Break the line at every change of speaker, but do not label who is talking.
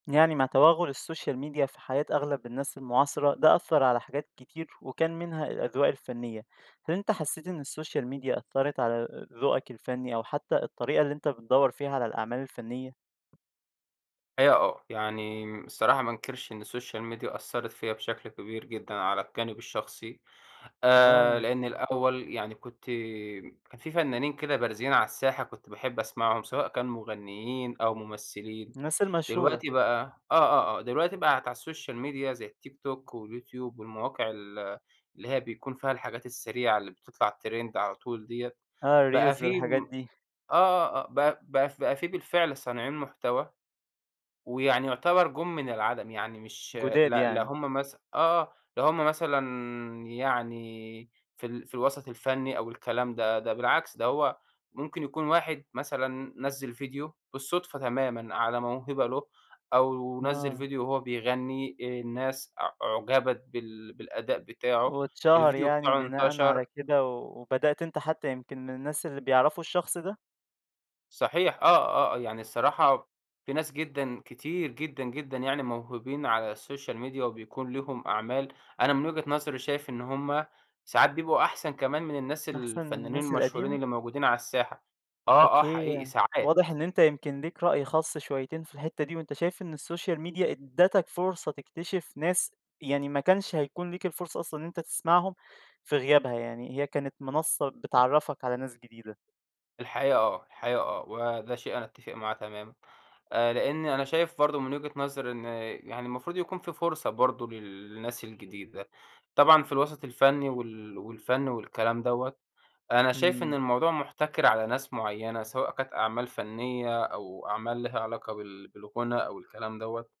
يعني مع تَوَغُّل الSocial Media في حياة أغلب الناس المُعاصَرة، ده أثَّر على حاجات كتير، وكان منها الأذواق الفنية، هل أنت حسّيت إن الSocial Media أثَّرَت على ال ذوقك الفني، أو حتّى الطريقة اللي أنت بتدَوَّر فيها على الأعمال الفنية؟
أيوه آه، يعني الصراحة ما أنكَرش إن الSocial Media أثَّرَت فيّا بشكل كبير جدًا على الجانب الشخصي، آآ
آه.
لإن الأول يعني كنت كان في فنانين كده بارزين على الساحة كنت باحب أسمعهُم، سواء كان مغنيين أو ممثّلين،
الناس المشهورة.
دلوقتي بقى آه، آه، آه، دلوقتي بقِت على الSocial Media زي التيك توك واليوتيوب والمواقع ال اللي هي بيكون فيها الحاجات السريعة اللي بتطلَع Trend على طول ديّة،
آه
بقى
الReels
في
والحاجات
م
دي.
آه، آه، آه، بقى بقى في بقى في بالفعل صانعين مُحتَوى، ويعني يعتبَر جُم من العدم، يعني مش ل
جُداد
لا
يعني.
هُم مث آه، آه، لا هُم مثلًا يعني في ال في الوسَط الفني أو الكلام ده، ده بالعكس ده هو ممكن يكون 1 مثلًا نَزَّل فيديو، بالصُدفة تمامًا على موهبة لُه، أو نَزَّل
آه.
فيديو وهو بيغَنّي، الناس أع أُعجبت بال بالأداء بتاعُه،
واتشهر
الفيديو
يعني
بتاعُه
بناءًا
انتشر
على كده، و وبدأت أنت حتّى يمكن من الناس اللي بيعرفوا الشخص ده؟
صحيح آه، آه، يعني الصراحة في ناس جدًا، كتير جدًا، جدًا، يعني موهوبين على الSocial Media وبيكون ليهُم أعمال، أنا من وجهة نظري شايف إن هُم، ساعات بيبقوا أحسن كمان من الناس
أحسن من
الفنانين
الناس
المشهورين
القديمة؟
اللي موجودين على الساحة، آه، آه،
أوكي،
حقيقي ساعات.
واضح إن أنت يمكن ليك رأي خاص شويتين في الحتّة دي، وأنت شايف إن الSocial Media إدَّتَك فرصة تكتشف ناس، يعني ما كانش هيكون ليك الفرصة أصلًا إن أنت تسمعهُم في غيابها، يعني هي كانت منصّة بتعَرَّفَك على ناس جديدة.
الحقيقة آه، الحقيقة آه، وده شيء أنا باتِّفق معاه تمامًا، آآ لأني أنا شايف برضه من وجهة نظري إن، يعني المفروض يكون في فُرصة برضه لل للناس الجديدة، طبعًا في الوسَط الفني وال والفن والكَلام دوّة، أنا شايف إن
إمم.
الموضوع مُحتَكَر على ناس معيّنة، سواء كانت أعمال فنية، أو أعمال ليها علاقة بال بالغُنا أو الكلام دوّة.